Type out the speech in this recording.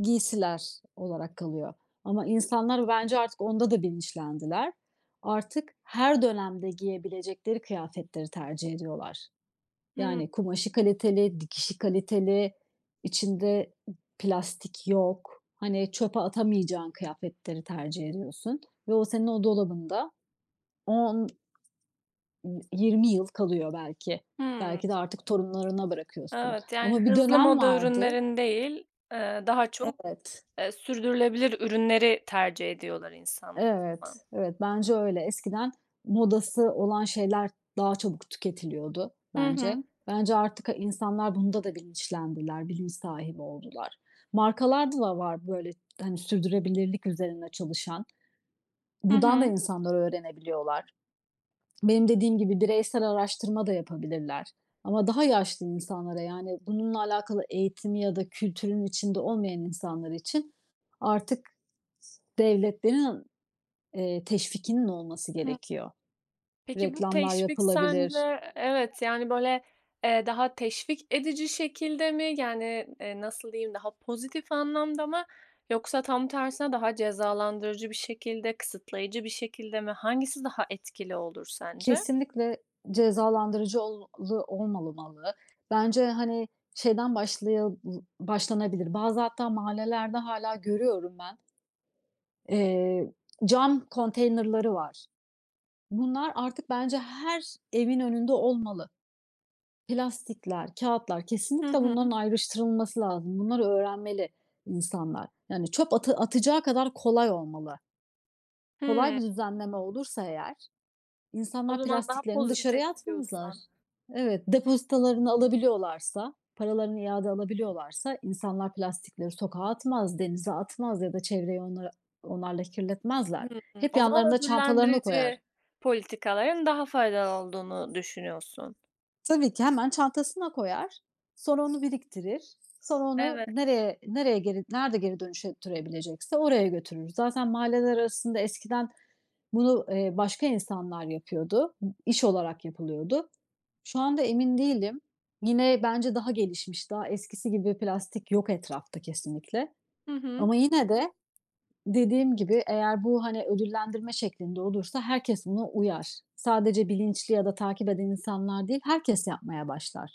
Giysiler olarak kalıyor ama insanlar bence artık onda da bilinçlendiler. Artık her dönemde giyebilecekleri kıyafetleri tercih ediyorlar. Hıı. Yani kumaşı kaliteli, dikişi kaliteli, içinde ı plastik yok. Hani, çöpe atamayacağın kıyafetleri tercih ediyorsun ve o senin o dolabında 10, ııı, 20 yıl kalıyor belki. Hımm. Belki de artık torunlarına bırakıyorsun. Evet, yani Ama bir hızlı dönem moda vardı ürünlerini değil, ııı, daha çok, Evet. ııı, sürdürülebilir ürünleri tercih ediyorlar insan. [unintelligible] Evet, evet bence öyle. Eskiden modası olan şeyler daha çabuk tüketiliyordu Hı bence. hı. Bence artık ha insanlar bunda da bilinçlendiler, bilinç sahibi oldular. Markalarda da var, böyle, hani, sürdürülebilirlik üzerine çalışan. Hı Buradan da hı. insanlar öğrenebiliyorlar. Benim dediğim gibi bireysel araştırma da yapabilirler ama daha yaşlı insanlara, yani bununla alakalı eğitim ya da kültürün içinde olmayan insanlar için artık s devletlerin n eee, teşvikinin olması Hı. gerekiyor. Peki bu Reklamlar teşvik yapılabilir seninle, evet, yani, böyle, eee, daha teşvik edici şekilde mi? Yani, eee, nasıl diyeyim, daha pozitif anlamda mı yoksa tam tersine daha cezalandırıcı bir şekilde, kısıtlayıcı bir şekilde mi? Hangisi daha etkili olur sence? Kesinlikle cezalandırıcı ol lu olmamalı. Bence, hani, şeyden başlaya l başlanabilir. Bazı hatta mahallelerde hâlâ görüyorum ben. Eee, cam konteynerları var. Bunlar artık bence her evin önünde olmalı. Plastikler, kağıtlar, Hı kesinlikle hı. bunların ayrıştırılması lazım. Bunları öğrenmeli insanlar. Yani, çöp atı atacağı kadar kolay olmalı. Kolay Hıı. bir düzenleme olursa eğer O insanlar zaman daha plastiklerini pozitif dışarıya atmazlar. diyorsun. Evet, depozitalarını alabiliyorlarsa, paralarını iade alabiliyorlarsa insanlar plastikleri sokağa atmaz, denize atmaz ya da çevreyi onlar onlarla kirletmezler. Hımm. Hep O zaman yanlarında çantalarına koyar. ödüllendirici, politikaların daha faydalı olduğunu düşünüyorsun. Tabii ki hemen çantasına koyar. Sonra onu biriktirir. Sonra onu Evet. nereye nereye geri nerede geri dönüştürebilecekse oraya götürür. Zaten mahalleler arasında eskiden bunu, eee, başka insanlar yapıyordu. İş olarak yapılıyordu. Şu anda emin değilim. Yine bence daha gelişmiş, daha eskisi gibi bir plastik yok etrafta kesinlikle Hı hı. ama yine de dediğim gibi eğer bu, hani, ödüllendirme şeklinde olursa herkes buna uyar. Sadece bilinçli ya da takip eden insanlar değil, herkes yapmaya başlar.